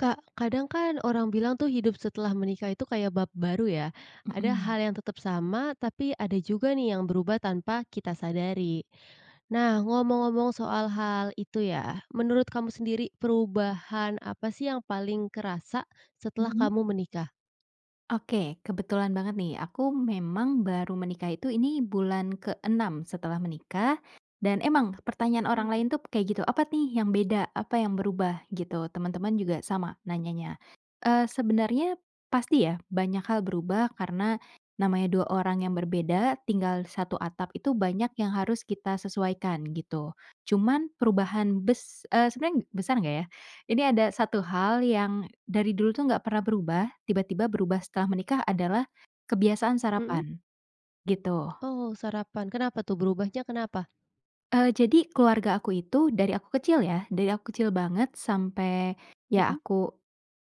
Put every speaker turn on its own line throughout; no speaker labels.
Kak, kadang kan orang bilang tuh hidup setelah menikah itu kayak bab baru ya. Ada
Mmm.
hal yang tetap sama, tapi ada juga nih yang berubah tanpa kita sadari. Nah, ngomong-ngomong soal hal itu ya, menurut kamu sendiri perubahan apa sih yang paling kerasa setelah
Mmm?
kamu menikah?
Oke. Kebetulan banget nih, aku memang baru menikah itu ini bulan ke-6 setelah menikah dan emang pertanyaan orang
Hmm.
lain tuh kayak gitu, "Apa nih yang beda? Apa yang berubah?" Gitu. Teman-teman juga sama nanyanya. Eee, sebenarnya pasti ya banyak hal berubah karena namanya 2 orang yang berbeda tinggal di 1 atap itu banyak yang harus kita sesuaikan, gitu. Cuman perubahan bes e sebenarnya, besar enggak ya, ini ada 1 hal yang dari dulu tuh enggak pernah berubah, tiba-tiba berubah setelah menikah adalah kebiasaan
Mmm.
sarapan, gitu.
Oh sarapan. Kenapa tuh berubahnya kenapa?
Eee, jadi keluarga aku itu, dari aku kecil ya, dari aku kecil banget sampai ya
Mmm.
aku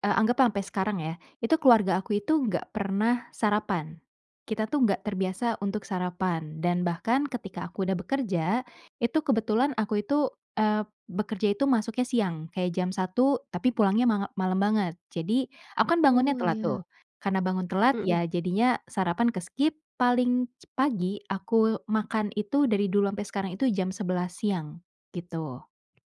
e anggaplah sampai sekarang ya, itu keluarga aku itu enggak pernah sarapan. Kita tuh enggak terbiasa untuk sarapan dan bahkan ketika aku sudah bekerja, itu kebetulan aku itu, eee, bekerja itu masuknya siang. Kayak jam 1.00, tapi pulangnya manga malam banget. Jadi, aku kan bangunnya
Oh
telat
iya.
tuh, karena bangun telat
Mmm.
ya jadinya sarapan ke-skip paling cep pagi aku makan itu, dari dulu sampai sekarang itu, jam 11.00 siang, gitu.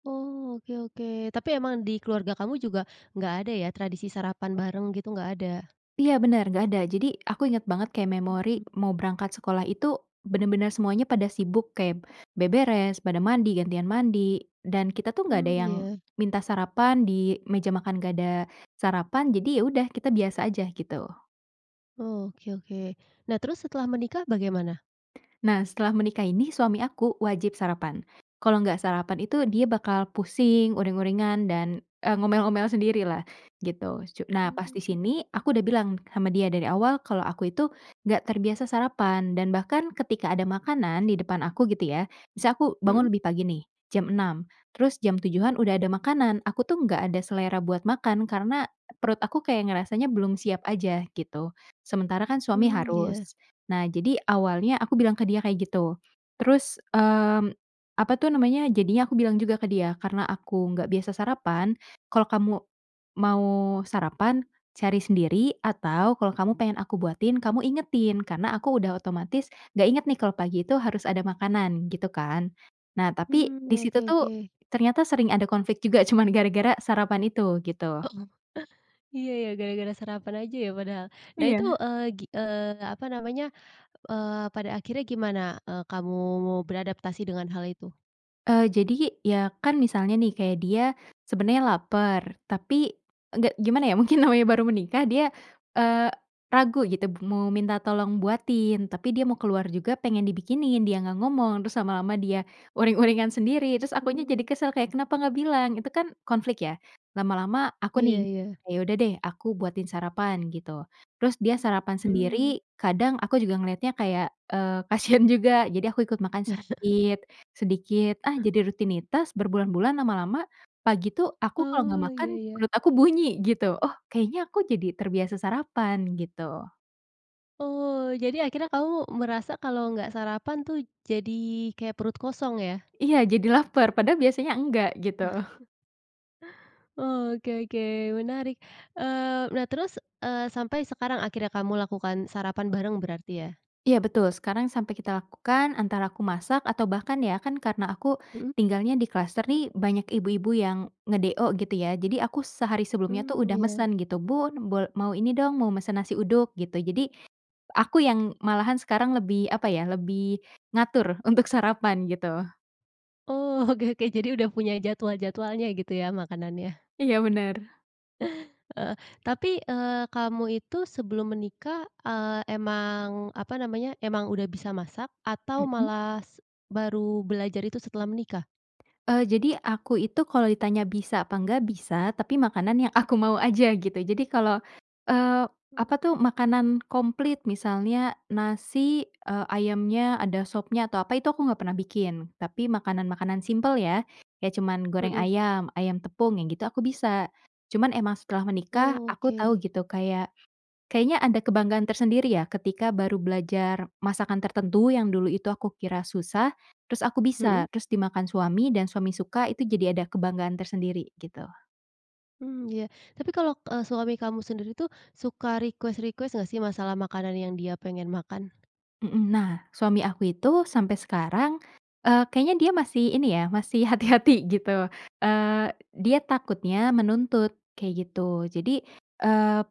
Oh oke oke, tapi emang di keluarga kamu juga enggak ada ya tradisi sarapan bareng gitu enggak ada?
Iya benar enggak ada. Jadi, aku inget banget kayak memori
Mmm.
mau berangkat sekolah itu benar-benar semuanya pada sibuk kayak beberes, pada mandi, gantian mandi, dan kita tuh enggak
Mmm,
ada yang
ya.
minta sarapan. Di meja makan enggak ada sarapan, jadi ya udah kita biasa aja, gitu.
Oke oke. Nah, terus setelah menikah bagaimana?
Nah setelah menikah ini, suami aku wajib sarapan, kalau enggak sarapan itu dia bakal pusing, uring-uringan, dan e ngomel-ngomel sendirilah, gitu, cu nah pas di
Mmm.
sini, aku udah bilang sama dia dari awal kalau aku itu enggak terbiasa sarapan dan bahkan ketika ada makanan di depan aku, gitu ya, misal aku bangun
Mhm.
lebih pagi nih, jam 6.00 terus jam 7.00-an udah ada makanan, aku tuh enggak ada selera buat makan karena perut aku kayak ngerasanya belum siap aja. Gitu, sementara kan suami
Mmm iya.
harus. Nah, jadi awalnya aku bilang ke dia kayak gitu. Terus, mmm, apa tuh namanya, jadinya aku bilang juga ke dia, "Karena aku enggak biasa sarapan, kalau kamu mau sarapan cari sendiri atau kalau kamu pengen aku buatin kamu ingetin karena aku udah otomatis enggak inget nih kalau pagi itu harus ada makanan." Gitu kan. Nah, tapi
Mmm
di
oke
situ tuh
oke.
ternyata sering ada konflik juga cuman gara-gara sarapan itu, gitu.
iya ya gara-gara sarapan aja ya padahal. Nah,
Iya.
itu, eee, gi eee, apa namanya, eee, pada akhirnya gimana, eee, kamu beradaptasi dengan hal itu?
Eee, jadi, ya kan misalnya nih, kayak dia sebenarnya lapar, tapi enggak, gimana ya, mungkin namanya baru menikah dia, eee, ragu gitu b mau minta tolong buatin, tapi dia mau keluar juga pengen dibikinin. Dia enggak ngomong, terus lama-lama dia uring-uringan sendiri terus akunya jadi
Hmm.
kesel kayak, "Kenapa enggak bilang?" Itu kan konflik ya. Lama-lama aku
Iya
nih,
iya.
"Ya udah deh, aku buatin sarapan." Gitu. Terus dia sarapan
Hmm.
sendiri kadang aku juga ngeliatnya kayak, eee, kasihan juga, jadi aku ikut makan sedikit sedikit. Ah, jadi rutinitas berbulan-bulan lama-lama. Pagi tuh aku kalau enggak
Oh
makan,
iya iya.
perut aku bunyi, gitu. Oh kayaknya aku jadi terbiasa sarapan, gitu.
Oh, jadi akhirnya kamu merasa kalau enggak sarapan tuh jadi kayak perut kosong ya?
Iya jadi lapar padahal biasanya enggak, gitu.
Oke oke menarik. Eee, nah, terus, eee, sampai sekarang akhirnya kamu lakukan sarapan bareng berarti, ya?
Iya betul, sekarang sampai kita lakukan. Antara aku masak atau bahkan, ya kan karena aku
Mmm.
tinggalnya di kluster nih banyak ibu-ibu yang nge-DO, gitu ya. Jadi, aku sehari sebelumnya tuh
Mmm
udah
ya.
mesen gitu, "Bun, bol mau ini dong, mau mesen nasi uduk." Gitu. Jadi, aku yang malahan sekarang lebih, apa ya, lebih ngatur untuk sarapan, gitu.
Oh oke oke. Jadi udah punya jadwal-jadwalnya gitu ya makanannya.
Iya benar.
Heeh, tapi, eee, kamu itu sebelum menikah, eee, emang, apa namanya, emang udah bisa masak atau
Mmm.
malah s baru belajar itu setelah menikah?
Eee, jadi, aku itu kalau ditanya bisa apa enggak? Bisa, tapi makanan yang aku mau aja, gitu. Jadi, kalau, eee,
Mmm.
apa tuh, makanan komplit misalnya nasi, eee, ayamnya ada sopnya atau apa itu aku enggak pernah bikin, tapi makanan-makanan simpel ya, kayak cuman goreng
Mmm.
ayam, ayam tepung yang gitu, aku bisa. Cuman emang setelah menikah aku tahu
Oke.
gitu, kayak, kayaknya ada kebanggaan tersendiri ya ketika baru belajar masakan tertentu yang dulu itu aku kira susah, terus aku
Mmm.
bisa, terus dimakan suami dan suami suka, itu jadi ada kebanggaan tersendiri, gitu.
Mmm, iya, tapi kalau, eee, suami kamu sendiri tuh suka request-request enggak sih masalah makanan yang dia pengen makan?
Mmm. Nah, suami aku itu sampai sekarang, eee, kayaknya dia masih ini ya, masih hati-hati, gitu, eee dia takutnya menuntut, kayak gitu. Jadi, eee,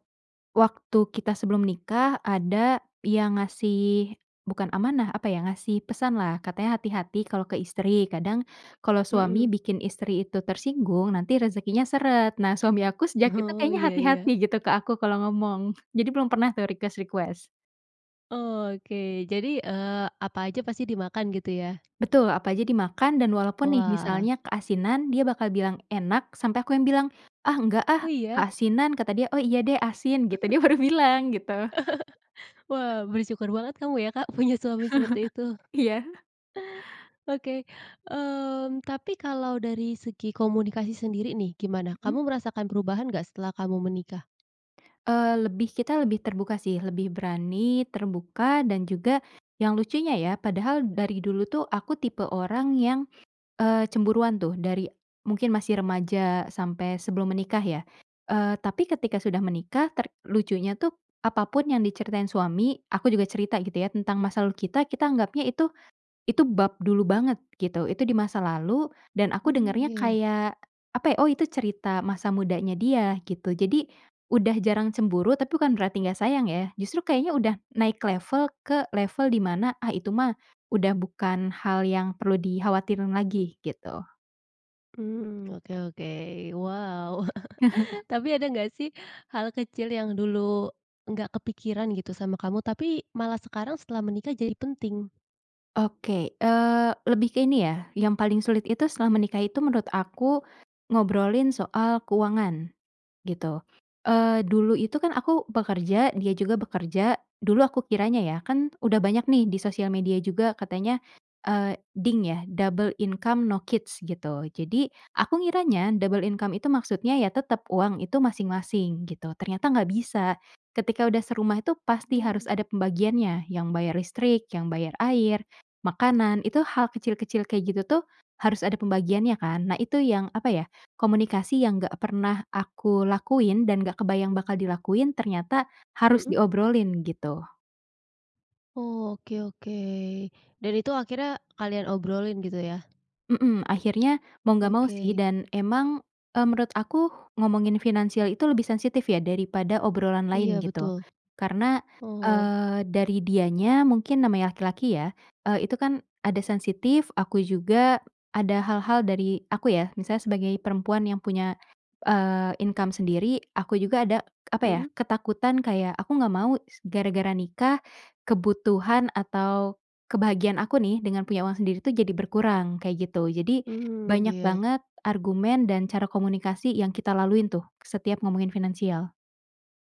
waktu kita sebelum nikah ada yang ngasih bukan amanah apa ya, ngasih pesanlah. Katanya, "Hati-hati kalau ke istri. Kadang kalau suami
Mmm.
bikin istri itu tersinggung, nanti rezekinya seret." Nah, suami aku sejak itu
Oh
kayaknya
iya
hati-hati
iya.
gitu ke aku kalau ngomong. Jadi belum pernah tuh request-request.
Oke. Jadi, eee, apa aja pasti dimakan gitu, ya?
Betul, apa aja dimakan dan walaupun nih,
Wah.
misalnya keasinan dia bakal bilang enak sampai aku yang bilang, "Ah enggak
Oh
ah,
iya?
keasinan." Kata dia, "Oh iya deh, asin." Gitu, dia baru bilang gitu.
Wah bersyukur banget kamu ya Kak punya suami seperti itu?
Iya.
Oke. Mmm, tapi kalau dari segi komunikasi sendiri nih, gimana?
Hmm.
Kamu merasakan perubahan enggak setelah kamu menikah?
Eee, lebih kita, lebih terbuka sih. Lebih berani terbuka dan juga, yang lucunya ya, padahal dari dulu tuh aku tipe orang yang, eee, cemburuan tuh. Dari mungkin masih remaja sampai sebelum menikah ya. Eee, tapi ketika sudah menikah ter lucunya tuh apapun yang diceritain suami, aku juga cerita, gitu ya. Tentang masa lalu kita, kita anggapnya itu itu bab dulu banget, gitu. Itu di masa lalu dan aku
Mmm
dengernya
iya.
kayak, apa ya, "Oh itu cerita masa mudanya dia." Gitu. Jadi udah jarang cemburu, tapi bukan berarti enggak sayang ya. Justru kayaknya udah naik level ke level dimana, "Ah itu mah udah bukan hal yang perlu dikhawatirin lagi." Gitu.
Mmm, oke oke. Wow, tapi ada enggak sih hal kecil yang dulu enggak kepikiran gitu sama kamu, tapi malah sekarang setelah menikah jadi penting?
Oke. Eee lebih ke ini ya, yang paling sulit itu setelah menikah itu menurut aku ngobrolin soal keuangan, gitu. Eee, dulu itu kan aku bekerja, dia juga bekerja. Dulu aku kiranya ya, kan udah banyak nih di sosial media juga katanya, eee, DINK ya, Double Income No Kids, gitu. Jadi, aku ngiranya double income itu maksudnya ya tetap uang itu masing-masing, gitu. Ternyata enggak bisa. Ketika udah serumah itu pasti harus
Hmm.
ada pembagiannya yang bayar listrik, yang bayar air, makanan, itu hal kecil-kecil kayak gitu tuh harus ada pembagiannya kan. Nah, itu yang, apa ya, komunikasi yang enggak pernah aku lakuin dan enggak kebayang bakal dilakuin, ternyata harus
Hmm.
diobrolin, gitu.
Oh, oke oke, dan itu akhirnya kalian obrolin gitu, ya?
Mmm, akhirnya, mau enggak mau sih
Oke.
dan emang, eee, menurut aku ngomongin finansial itu lebih sensitif ya daripada obrolan
Iya
lain, gitu,
betul.
karena,
Oh.
eee, dari dianya mungkin namanya laki-laki ya, eee, itu kan ada sensitif, aku juga ada hal-hal dari aku ya, misalnya sebagai perempuan yang punya, eee, income sendiri, aku juga ada, apa ya,
Mmm.
ketakutan kayak, "Aku enggak mau s gara-gara nikah, kebutuhan atau kebahagiaan aku nih dengan punya uang sendiri tuh jadi berkurang." Kayak gitu. Jadi
Mmm
banyak
iya.
banget argumen dan cara komunikasi yang kita laluin tuh, setiap ngomongin finansial.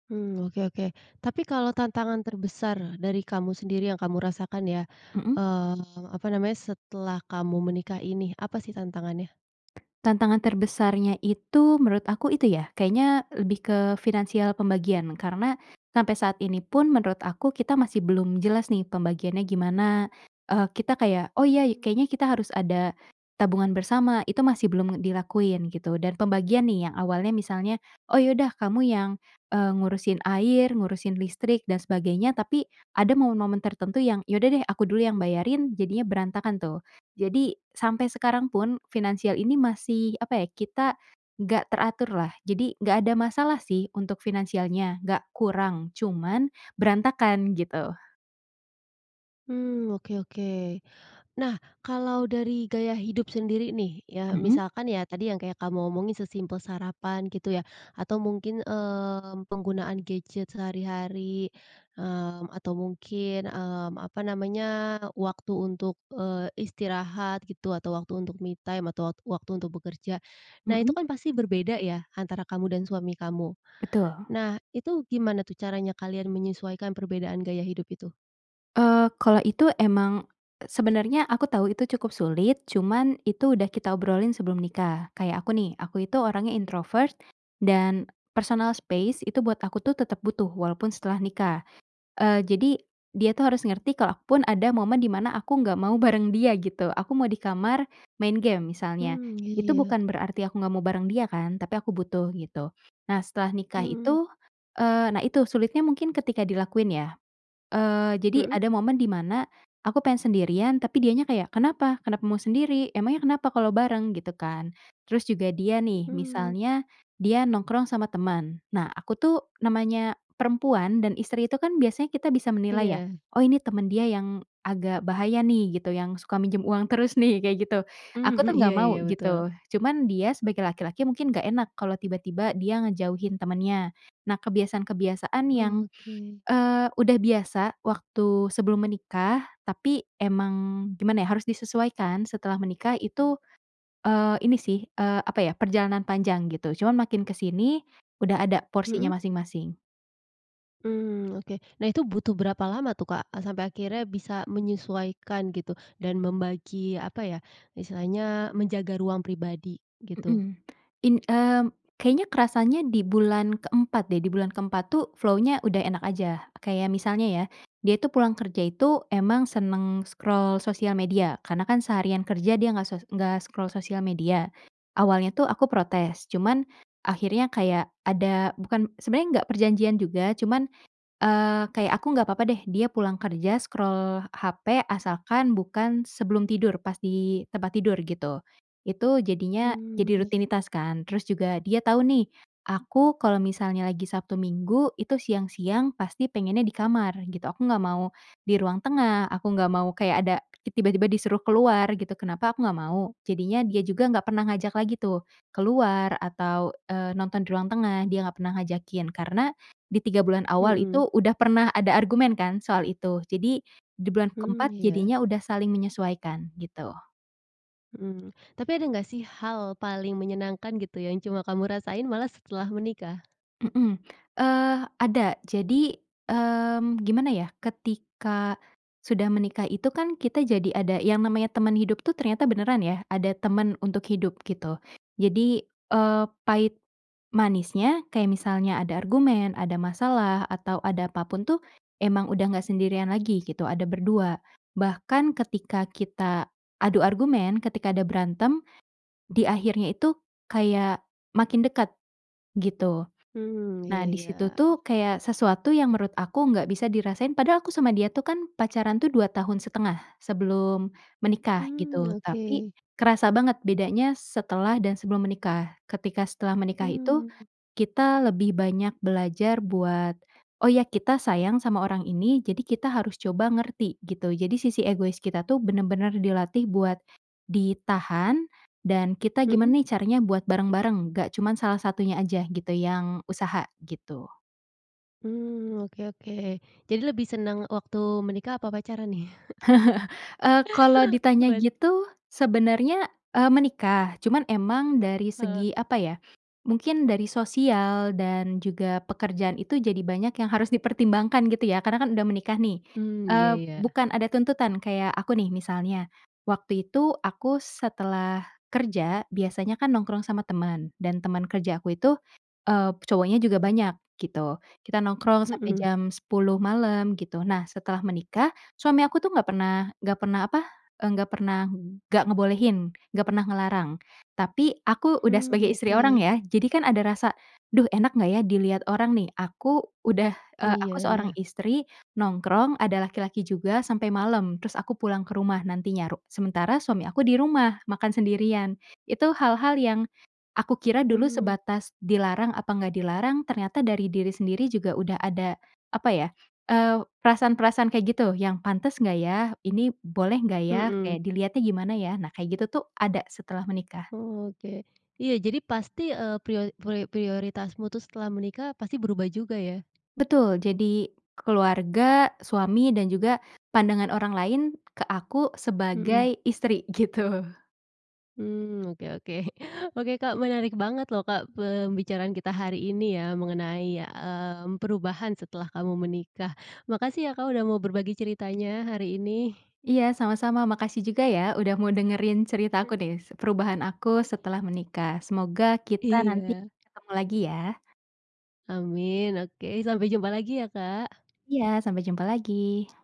Mmm oke oke, tapi kalau tantangan terbesar dari kamu sendiri yang kamu rasakan ya,
Mmm.
eee, apa namanya, setelah kamu menikah ini apa sih tantangannya?
tantangan terbesarnya itu, menurut aku itu ya kayaknya lebih ke finansial pembagian karena sampai saat ini pun, menurut aku, kita masih belum jelas nih pembagiannya gimana, eee, kita kayak, "Oh iya
Hmm.
kayaknya kita harus ada tabungan bersama." Itu masih belum dilakuin, gitu, dan pembagian nih yang awalnya misalnya, "Oh ya udah, kamu yang, eee, ngurusin air, ngurusin listrik, dan sebagainya," tapi ada momen-momen tertentu yang, "Ya udah deh aku dulu yang bayarin." Jadinya berantakan tuh. Jadi sampai sekarang pun finansial ini masih, apa ya, kita enggak teraturlah. Jadi enggak ada masalah sih untuk finansialnya, enggak kurang cuman berantakan, gitu.
Mmm, oke oke. Nah, kalau dari gaya hidup sendiri nih ya,
Mmm.
misalkan ya tadi yang kayak kamu omongin sesimpel sarapan, gitu ya, atau mungkin, mmm, penggunaan gadget sehari-hari, mmm, atau mungkin, mmm, apa namanya, waktu untuk, eee, istirahat, gitu, atau waktu untuk me time atau wat waktu untuk bekerja. Nah, itu
Mmm.
kan pasti berbeda ya antara kamu dan suami kamu.
Betul.
Nah, itu gimana tuh caranya kalian menyesuaikan perbedaan gaya hidup itu?
Eee, kalau itu emang, sebenarnya aku tahu itu cukup sulit. Cuman itu udah kita obrolin sebelum nikah. Kayak aku nih, aku itu orangnya introvert dan personal space itu buat aku tuh tetap butuh, walaupun setelah nikah. Eee, jadi, dia tuh harus
Hmm.
ngerti kalau aku pun ada momen di mana aku enggak mau bareng dia, gitu. Aku mau di kamar main game, misalnya.
Mmm, ya
Itu
ya.
bukan berarti aku enggak mau bareng dia kan, tapi aku butuh, gitu. Nah, setelah nikah
Mmm.
itu, eee, nah itu sulitnya mungkin ketika dilakuin ya. Eee, jadi
Hmm.
ada momen dimana aku pengen sendirian, tapi dianya kayak, "Kenapa? Kenapa mau sendiri? Emangnya kenapa kalau bareng?" Gitu kan. Terus juga dia nih,
Mmm.
misalnya dia nongkrong sama teman. Nah, aku tuh namanya perempuan dan istri itu kan biasanya kita bisa menilai ya,
Iya.
"Oh ini teman dia yang agak bahaya nih," gitu, "yang suka minjem uang terus nih." Kayak gitu. Aku
Mhm,
tuh
iya
enggak mau,
iya betul.
gitu. Cuman dia sebagai laki-laki mungkin enggak enak, kalau tiba-tiba dia ngejauhin temennya. Nah, kebiasaan-kebiasaan yang,
Oke.
eee, udah biasa waktu sebelum menikah, tapi emang, gimana ya, harus disesuaikan setelah menikah itu, eee, ini sih, eee, apa ya, perjalanan panjang, gitu. Cuman makin kesini udah ada
Mmm.
porsinya masing-masing.
Mmm, oke. Nah, itu butuh berapa lama tuh Kak? A sampai akhirnya bisa menyesuaikan gitu dan membagi, apa ya, istilahnya menjaga ruang pribadi, gitu.
Mmm. In mmm, kayaknya kerasanya di bulan ke-4 deh, di bulan ke-4 tuh flow-nya udah enak aja. Kayak misalnya ya, dia itu pulang kerja itu emang senang scroll sosial media karena kan seharian kerja dia enggak sos enggak scroll sosial media. Awalnya tuh aku protes, cuman akhirnya kayak ada, bukan, sebenarnya enggak perjanjian juga, cuman, eee, kayak aku enggak apa-apa deh dia pulang kerja scroll hape, asalkan bukan sebelum tidur, pas di tempat tidur, gitu. Itu jadinya
Mmm
jadi
iya.
rutinitas kan. Terus juga dia tahu nih, aku kalau misalnya lagi Sabtu Minggu itu siang-siang pasti pengennya di kamar, gitu. Aku enggak mau di ruang tengah, aku enggak mau kayak ada tiba-tiba disuruh keluar, gitu. Kenapa aku enggak mau, jadinya dia juga enggak pernah ngajak lagi tuh keluar atau, eee, nonton di ruang tengah, dia enggak pernah ngajakin karena di 3 bulan awal
Hmm.
itu udah pernah ada argumen kan soal itu. Jadi di bulan
Mmm
ke-4
iya.
jadinya udah saling menyesuaikan, gitu.
Mmm, tapi ada enggak sih hal paling menyenangkan, gitu ya, yang cuma kamu rasain malah setelah menikah?
Mmm. Eee ada, jadi, mmm, gimana ya, ketika sudah menikah itu kan kita jadi ada yang namanya teman hidup tuh, ternyata beneran ya, ada teman untuk hidup, gitu. Jadi, eee, pahit manisnya, kayak misalnya ada argumen, ada masalah, atau ada apapun tuh emang udah enggak sendirian lagi, gitu. Ada ber-2 bahkan ketika kita adu argumen, ketika ada berantem, di akhirnya itu kayak makin dekat, gitu.
Mmm
Nah,
iya
di
iya.
situ tuh kayak sesuatu yang menurut aku enggak bisa dirasain padahal aku sama dia tuh kan pacaran tuh 2 tahun 1/2 sebelum menikah,
Mmm
gitu, tapi
oke.
kerasa banget bedanya setelah dan sebelum menikah. Ketika setelah menikah itu,
Mmm.
kita lebih banyak belajar buat, "Oh iya kita sayang sama orang ini, jadi kita harus coba ngerti." Gitu. Jadi sisi egois kita tuh benar-benar dilatih buat ditahan dan kita
Hmm.
gimana nih caranya buat bareng-bareng, enggak cuman salah satunya aja gitu yang usaha, gitu.
Mmm oke oke. Jadi lebih senang waktu menikah apa pacaran nih?
Eee, kalau ditanya
Pasti.
gitu, sebenarnya, eee, menikah. Cuman emang dari
Heeh.
segi, apa ya, mungkin dari sosial dan juga pekerjaan itu jadi banyak yang harus dipertimbangkan, gitu ya, karena kan udah menikah nih.
Mmm iya
Eee,
iya.
bukan ada tuntutan, kayak aku nih misalnya, waktu itu aku setelah kerja biasanya kan nongkrong sama teman dan teman kerja aku itu, eee, cowoknya juga banyak, gitu. Kita nongkrong sampai
Hmm.
jam 10.00 malam, gitu. Nah setelah menikah, suami aku tuh enggak pernah enggak pernah apa, eee, nggak pernah enggak ngebolehin, enggak pernah ngelarang, tapi aku udah
Hmm,
sebagai istri orang
oke.
ya, jadi kan ada rasa, "Duh enak gak ya dilihat orang nih? Aku udah, eee, aku
Iya
seorang
iya.
istri nongkrong, ada laki-laki juga sampai malam." Terus aku pulang ke rumah nantinya ru sementara suami aku di rumah makan sendirian. Itu hal-hal yang aku kira dulu
Mmm.
sebatas dilarang apa enggak dilarang, ternyata dari diri sendiri juga udah ada, apa ya, eee, perasaan-perasaan kayak gitu. Yang, "Pantas enggak ya? ini boleh nggak ya?"
Hmm.
Kayak, "dilihatnya gimana ya?" Nah kayak gitu tuh ada setelah menikah.
Oke. Iya, jadi pasti, eee, prio prio prioritasmu tuh setelah menikah pasti berubah juga, ya?
Betul. Jadi keluarga, suami, dan juga pandangan orang lain ke aku
Hmm.
sebagai istri, gitu.
Mmm, oke oke. oke, Kak. Menarik banget lho, Kak, pembicaraan kita hari ini ya mengenai ya, mmm, perubahan setelah kamu menikah. Makasih ya, Kak. udah mau berbagi ceritanya hari ini.
Iya sama-sama. Makasih juga ya udah mau dengerin cerita
Mmm.
aku nih. S perubahan aku
Eh.
setelah menikah. Semoga kita nanti
Iya.
ketemu lagi ya.
Amin. Oke. Sampai jumpa lagi ya, Kak.
Iya. Sampai jumpa lagi.